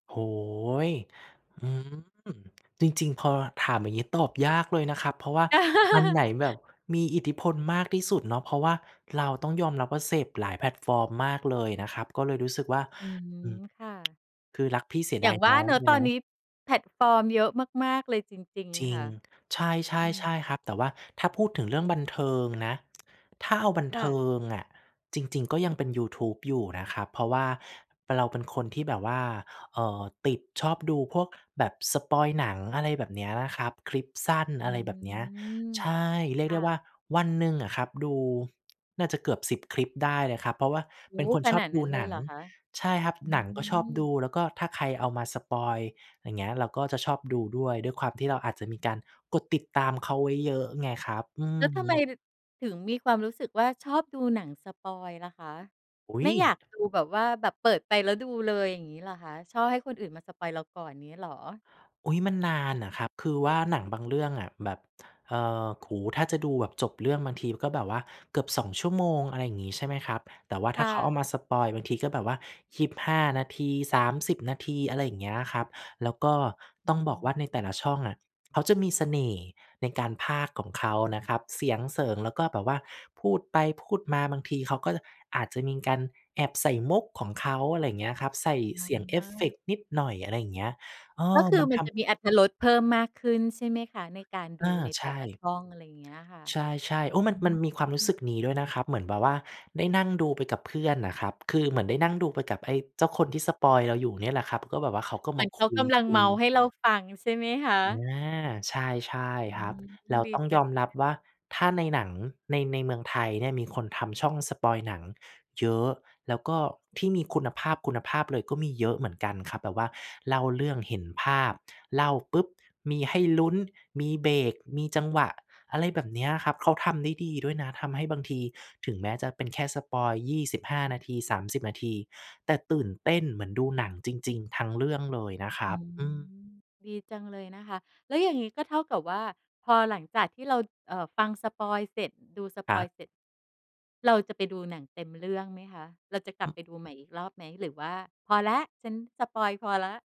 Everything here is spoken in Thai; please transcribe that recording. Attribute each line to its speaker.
Speaker 1: โอ้โฮ! อืม จริง ๆ พอถามอย่างงี้ ตอบยากเลยนะครับ เพราะว่าอันไหนแบบมีอิทธิพลมากที่สุดเนาะ เพราะว่าเราต้องยอมรับว่า เสพหลายแพลตฟอร์มมากเลยนะครับ ก็เลยรู้สึกว่า
Speaker 2: อืม
Speaker 1: อืม
Speaker 2: ค่ะ
Speaker 1: คือรักพี่เสีย
Speaker 2: อย
Speaker 1: ด
Speaker 2: ่
Speaker 1: า
Speaker 2: า
Speaker 1: ย
Speaker 2: งว
Speaker 1: น
Speaker 2: ่
Speaker 1: ้
Speaker 2: า
Speaker 1: อง
Speaker 2: เนาะ
Speaker 1: อยู่
Speaker 2: ตอ
Speaker 1: น
Speaker 2: นน
Speaker 1: ะ
Speaker 2: ี้ แพลตฟอร์มเยอะมาก ๆ เลยจริง
Speaker 1: จร
Speaker 2: ๆ
Speaker 1: ิ
Speaker 2: ค
Speaker 1: ง
Speaker 2: ่ะ
Speaker 1: ใช
Speaker 2: อื
Speaker 1: ่
Speaker 2: ม
Speaker 1: ๆ ๆ ครับ แต่ว่าถ้าพูดถึงเรื่องบันเทิงนะ ถ้าเอาบัน
Speaker 2: ค
Speaker 1: เ
Speaker 2: ่
Speaker 1: ทิ
Speaker 2: ะ
Speaker 1: งอะ จริง ๆ ก็ยังเป็นยูทูบอยู่นะครับ เพราะว่าเราเป็นคนที่แบบว่า เอ่อ ติดชอบดูพวกแบบสปอยล์หนัง อะไรแบบเนี้ย นะครับ คลิปสั้น
Speaker 2: อื
Speaker 1: อะไรแบบเนี้ย
Speaker 2: ม
Speaker 1: ใช่ เรี
Speaker 2: ค
Speaker 1: ยกไ
Speaker 2: ่
Speaker 1: ด้ว่า
Speaker 2: ะ
Speaker 1: วันหนึ่งอะครับดู น่าจะเกือบ 10 คลิปได้เลยครับ เพราะว่า
Speaker 2: โอ
Speaker 1: เป
Speaker 2: ้
Speaker 1: ็น
Speaker 2: โฮ
Speaker 1: คน
Speaker 2: ข
Speaker 1: ช
Speaker 2: น
Speaker 1: อบ
Speaker 2: าด
Speaker 1: ด
Speaker 2: นั
Speaker 1: ู
Speaker 2: ้นเล
Speaker 1: หนั
Speaker 2: ยเ
Speaker 1: ง
Speaker 2: หรอคะ?
Speaker 1: ใช่ครับ
Speaker 2: อื
Speaker 1: หนังก็ชอบดู
Speaker 2: ม
Speaker 1: แล้วก็ถ้าใครเอามาสปอยล์ อย่างเงี้ย เราก็จะชอบดูด้วย ด้วยความที่เราอาจจะมีการกดติดตามเขาไว้เยอะไงครับ อื
Speaker 2: แล้วทำไม
Speaker 1: ม
Speaker 2: ดึ ถึงมีความรู้สึกว่า ชอบดูหนังสปอยล์ล่ะคะ
Speaker 1: อุ๊
Speaker 2: ไม่อย
Speaker 1: ย!
Speaker 2: ากดูแบบว่า แบบเปิดไปแล้วดูเลย อย่างงี้เหรอคะ ชอบให้คนอื่นมาสปอยล์เราก่อน นี้เหรอ?
Speaker 1: อุ๊ย มันนานอะครับ คือว่าหนังบางเรื่องอะแบบ เอ่อ โอ้โฮ ถ้าจะดูแบบจบเรื่อง บางทีมันก็แบบว่าเกือบ 2 ชั่วโมง อะไรอย่างงี้ ใช่ไหมครับ แต่ว่า
Speaker 2: ค
Speaker 1: ถ้
Speaker 2: ่
Speaker 1: าเขาเอ
Speaker 2: ะ
Speaker 1: ามาสปอยล์ บางทีก็แบบว่า 25 นาที 30 นาที อะไรอย่างเงี้ยครับ แล้วก็
Speaker 2: อื
Speaker 1: ต
Speaker 2: ้
Speaker 1: ้อง
Speaker 2: อ
Speaker 1: บอกว่า ใน
Speaker 2: ฮ
Speaker 1: แ
Speaker 2: ื
Speaker 1: ต่ล
Speaker 2: อ
Speaker 1: ะช่องอะเขาจะมีเสน่ห์ ในการพากย์ของเขานะครับ เสียง เสิง แล้วก็แบบว่าพูดไป พูดมา บางทีเขาก็ อาจจะมีการแอบใส่มุกของเขา อะไรอย่างเงี้ยครับ ใส่
Speaker 2: อ๋
Speaker 1: เ
Speaker 2: อ
Speaker 1: สียงเอ
Speaker 2: อ
Speaker 1: ฟเฟ
Speaker 2: า
Speaker 1: กต์นิดหน่อย อะไรอย่างเงี้ย เออ
Speaker 2: ก็คื
Speaker 1: ม
Speaker 2: อ
Speaker 1: ัน
Speaker 2: มั
Speaker 1: ท
Speaker 2: นจะ
Speaker 1: ำ
Speaker 2: มีอรรถรสเพิ่มมากขึ้นใช่ไหมคะ? ในการ
Speaker 1: เ
Speaker 2: ด
Speaker 1: อ
Speaker 2: ู
Speaker 1: อ
Speaker 2: ใน
Speaker 1: ใช
Speaker 2: แต่ละช
Speaker 1: ่
Speaker 2: ่อง อะไรเงี้ยค่ะ
Speaker 1: ใช่ ๆ โอ้ ม
Speaker 2: อ
Speaker 1: ั
Speaker 2: ื
Speaker 1: น มันมีความรู้ส
Speaker 2: ม
Speaker 1: ึกนี้ด้วยนะครับ เหมือนแบบว่าได้นั่งดูไปกับเพื่อนน่ะครับ คือเหมือนได้นั่งดูไป กับ ไอ้เจ้าคนที่สปอยล์เราอยู่เนี่ยแหละครับ ก็แบบว่าเขาก็
Speaker 2: เหม
Speaker 1: ม
Speaker 2: ื
Speaker 1: า
Speaker 2: อนเ
Speaker 1: ค
Speaker 2: ขากำลัง
Speaker 1: ุ
Speaker 2: เม
Speaker 1: ย
Speaker 2: าท์ใ
Speaker 1: ๆ
Speaker 2: ห้เราฟังใช่ไหมค
Speaker 1: อ
Speaker 2: ะ?
Speaker 1: า ใช่
Speaker 2: อื
Speaker 1: ๆ ครับ
Speaker 2: ม
Speaker 1: แล้ว
Speaker 2: ดี
Speaker 1: ต้อง
Speaker 2: จั
Speaker 1: ย
Speaker 2: ง
Speaker 1: อม
Speaker 2: เล
Speaker 1: รับ
Speaker 2: ย
Speaker 1: ว่า ถ้าในหนังใน ในเมืองไทยเนี่ย มีคนทำช่องสปอยล์หนังเยอะ แล้วก็ ที่มีคุณภาพ คุณภาพเลยก็มีเยอะเหมือนกันครับ แต่ว่าเล่าเรื่องเห็นภาพ เล่าปุ๊บ! มีให้ลุ้น มีเบรก มีจังหวะ อะไรแบบเนี้ยครับ เขาทำได้ดีด้วยนะ ทำให้บางทีถึงแม้จะเป็นแค่สปอยล์ 25 นาที 30 นาที แต่ตื่นเต้นเหมือนดูหนังจริง ๆ ทั้งเรื่องเลยนะคร
Speaker 2: อื
Speaker 1: ับ
Speaker 2: ม
Speaker 1: อืม
Speaker 2: ดีจังเลยนะคะ แล้วอย่างนี้ก็เท่ากับว่า พอหลังจากที่เรา เอ่อ ฟังสปอยล์เสร็จ ดูส
Speaker 1: ค
Speaker 2: ป
Speaker 1: ร
Speaker 2: อ
Speaker 1: ั
Speaker 2: ยล
Speaker 1: บ
Speaker 2: ์เสร็จ เราจะไปดูหนังเต็มเรื่องไหมคะ เราจะกลั
Speaker 1: อื
Speaker 2: บไ
Speaker 1: ม
Speaker 2: ปดูใหม่อีกรอบไหม หรือว่าพอแล้ว ฉันสปอยล์พอแล้ว?